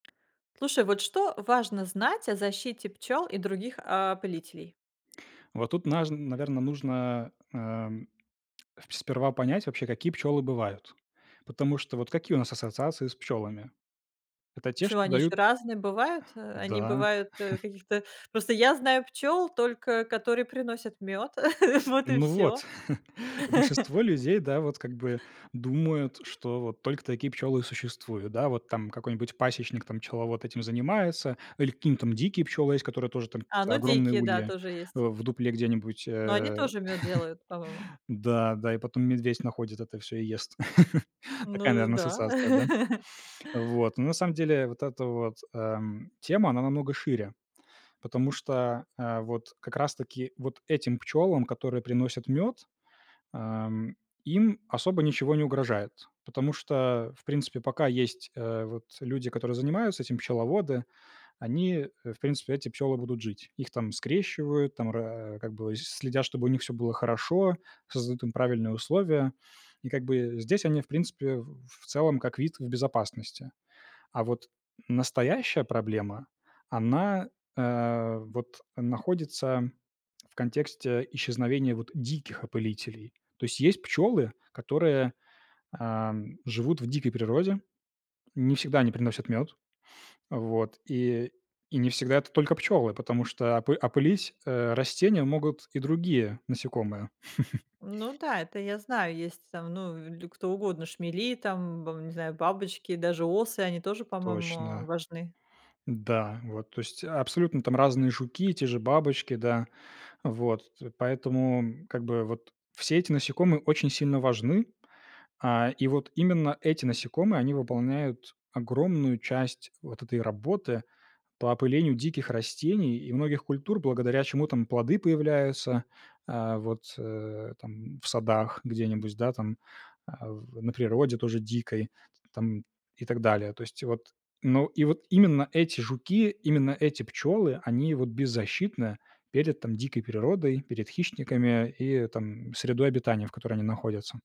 Слушай, вот что важно знать о защите пчел и других, а, опылителей? Вот тут, наж наверно, нужно, ам, спс сперва понять вообще, какие пчёлы бывают, потому что вот какие у нас ассоциации с пчёлами? Это те, что Пчелы, они еще дают разные бывают? Они Да. бывают, э, каких-то Просто я знаю пчёл только которые приносят мёд, вот и Ну вот, всё. большинство людей, да, вот как бы думают, что вот только такие пчелы и существуют. Да, вот там какой-нибудь пасечник там, пчеловод этим занимается или какие-нибудь дикие пчелы есть, которые тоже там А, ну, огромные дикие, да, ульи, тоже а, есть. в дупле где-нибудь, Но они э тоже мёд делают, по-моему. Да да, и потом медведь находит это всё и ест. Такая, Ну наверно, да. ассоциация, да? Вот, но на самом деле вот эта вот, эм, тема, она намного шире, потому что, а, вот как раз-таки вот этим пчёлам, которые приносят мёд, ам, им особо ничего не угрожает, потому что, в принципе, пока есть, э, вот, люди, которые занимаются этим, пчеловоды, они, э, в принципе, эти пчёлы будут жить. Их там скрещивают, там, ра как бы, следят, чтобы у них всё было хорошо, создают им правильные условия. И как бы здесь они, в принципе, в в целом как вид в безопасности. А вот настоящая проблема, она, э, вот находится в контексте исчезновения вот диких опылителей. То есть есть пчёлы, которые, ам, живут в дикой природе, не всегда они приносят мёд, вот, и и не всегда это только пчёлы, потому что опы опылить, э, растения могут и другие насекомые. Ну да, это я знаю, есть там, ну, ль кто угодно, шмели там, б не знаю, бабочки, даже осы, они тоже, по-моему, Точно. важны. Да, вот, то есть абсолютно там разные жуки, те же бабочки, да. Вот т поэтому, как бы, вот все эти насекомые очень сильно важны. А, и вот именно эти насекомые, они выполняют огромную часть вот этой работы по опылению диких растений и многих культур, благодаря чему там плоды появляются, а, вот, э, там, в садах где-нибудь, да, там, а в на природе тоже дикой, там, и так далее. То есть, вот, ну, и вот именно эти жуки, именно эти пчёлы, они вот беззащитны перед, там, дикой природой, перед хищниками и, там, средой обитания, в которой они находятся.